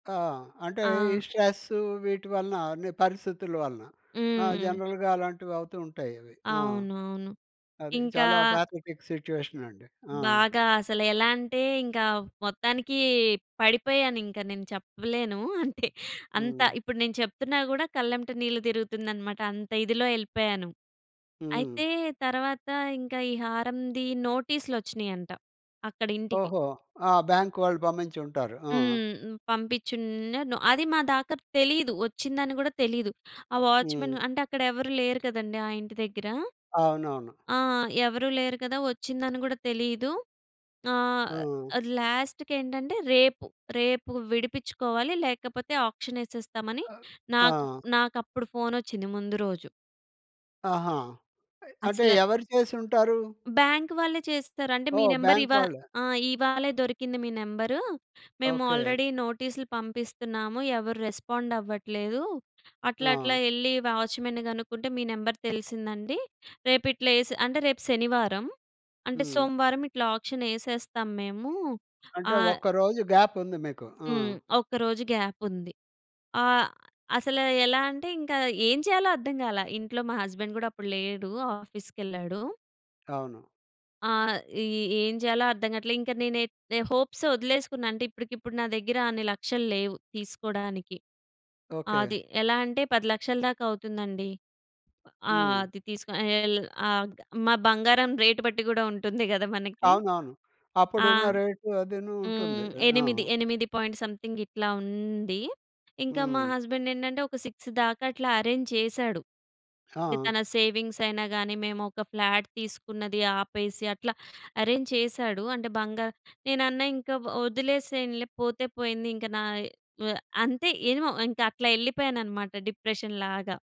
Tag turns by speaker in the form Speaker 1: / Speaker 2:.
Speaker 1: ఆ! అంటే ఈ
Speaker 2: ఆ!
Speaker 1: స్ట్రెస్ వీటి వలన, నీ పరిస్థితుల వలన. ఆ!
Speaker 2: హ్మ్.
Speaker 1: జనరల్‌గా అలాంటివి అవుతూ ఉంటాయి అవి. ఆ!
Speaker 2: అవునవును.
Speaker 1: అది
Speaker 2: ఇంకా
Speaker 1: చాలా పాథటిక్ సిట్యుయేషన్ అండి. ఆ!
Speaker 2: బాగా అసలు. ఎలా అంటే, ఇంకా మొత్తానికి పడిపోయాను. ఇంకా నేను చెప్పలేను. అంటే, అంత
Speaker 1: హ్మ్.
Speaker 2: ఇప్పుడు నేను చెప్తున్నా గూడా, కళ్ళమ్మట నీళ్లు తిరుగుతుందన్నమాట. అంత ఇదిలో ఎళ్ళిపోయాను.
Speaker 1: హ్మ్.
Speaker 2: అయితే, తరువాత ఇంకా ఈ హారంది నోటీస్‌లు వచ్చినయంట అక్కడ ఇంటికి
Speaker 1: ఓహో! ఆ! బ్యాంక్ వాళ్ళు పంపించి ఉంటారు. ఆ!
Speaker 2: హ్మ్, పంపించున్నాను. అది మా దాకా తెలీదు, వచ్చిందని గూడా తెలీదు. ఆ వాచ్‌మెన్
Speaker 1: హ్మ్.
Speaker 2: అంటే, అక్కడ ఎవరు లేరు కదండీ ఆ ఇంటి దగ్గర.
Speaker 1: అవునవును.
Speaker 2: ఆ! ఎవరు లేరు కదా, వచ్చిందని గూడా తెలీదు. ఆహ్,
Speaker 1: ఆ!
Speaker 2: లాస్ట్‌కి ఏంటంటే రేపు, రేపు విడిపిచుకోవాలి లేకపోతే ఆక్షన్ ఎసేస్తామని నాకు,
Speaker 1: ఆ!
Speaker 2: నాకు అప్పుడు ఫోన్ ఒచ్చింది ముందు రోజు.
Speaker 1: ఆహా! అంటే,
Speaker 2: అసల
Speaker 1: ఎవరు చేసి ఉంటారు?
Speaker 2: బ్యాంక్ వాళ్ళే చేస్తారు. అంటే, మీ
Speaker 1: ఓహ్!
Speaker 2: నెంబర్
Speaker 1: బ్యాంక్
Speaker 2: ఇవా
Speaker 1: వాళ్ళే.
Speaker 2: ఆ! ఇవాళే దొరికింది మీ నెంబరు, మేము
Speaker 1: ఓకే.
Speaker 2: ఆల్రెడీ నోటీసులు పంపిస్తున్నాము. ఎవరు రెస్పాండ్ అవ్వట్లేదు, అట్లా, అట్లా
Speaker 1: ఆ!
Speaker 2: ఎళ్ళి వాచ్‌మెన్‌ని గనుక్కుంటే, మీ నంబర్ తెలిసిందండి. రేపు ఇట్లా ఎసి అంటే రేపు శనివారం, అంటే
Speaker 1: హ్మ్.
Speaker 2: సోమవారం ఇట్లా ఆక్షన్ ఎసేస్తాం మేము. ఆ
Speaker 1: అంటే! ఒక్క రోజు గ్యాప్ ఉంది మీకు. ఆ!
Speaker 2: హ్మ్. ఒక్క రోజు గ్యాప్ ఉంది. ఆహ్, అసల ఎలా అంటే, ఇంక ఏం చేయాలో అర్థం కాలె. ఇంట్లో మా హస్బండ్ గూడా అప్పుడు లేడు. ఆఫీస్ కెళ్ళాడు.
Speaker 1: అవును.
Speaker 2: ఆ! ఇ ఏం జేయాలో అర్థం కాట్లే. ఇంకా నేనైతె హోప్స్ వదిలేసుకున్నాన. అంటే, ఇప్పటికిప్పుడు నా దగ్గర అన్ని లక్షలు లేవు తీసుకోడానికి.
Speaker 1: ఓకే.
Speaker 2: అది ఎలా అంటే, 10 లక్షల దాకా అవుతుందండి. అ
Speaker 1: హ్మ్.
Speaker 2: అది తీసుకొని యేల ఆగ్ మా బంగారం రేట్ బట్టి గూడా ఉంటుంది గదా! మనకి.
Speaker 1: అవునవును, అప్పుడు
Speaker 2: ఆ!
Speaker 1: ఉన్న రేట్ అదిను ఉంటుంది.
Speaker 2: హ్మ్.
Speaker 1: ఎ ఆ!
Speaker 2: 8, 8 పాయింట్ సంథింగ్ ఇట్లా ఉంది. ఇంక మా
Speaker 1: హ్మ్.
Speaker 2: హస్బండ్ ఏంటంటే, ఒక 6 దాకా అట్లా అరేంజ్ చేసాడు. అంటే,
Speaker 1: ఆ!
Speaker 2: తన సేవింగ్స్ అయినా గాని, మేము ఒక ఫ్లాట్ తీసుకున్నది ఆపేసి, అట్లా అరేంజ్ చేసాడు. అంటే, బంగా నేనన్నా ఇంక వదిలేసేయండిలే పోతే పోయింది. ఇంక, నా వె అంతే ఏమో ఇంక అట్లా ఎళ్ళిపోయాను అన్నమాట, డిప్రెషన్ లాగా.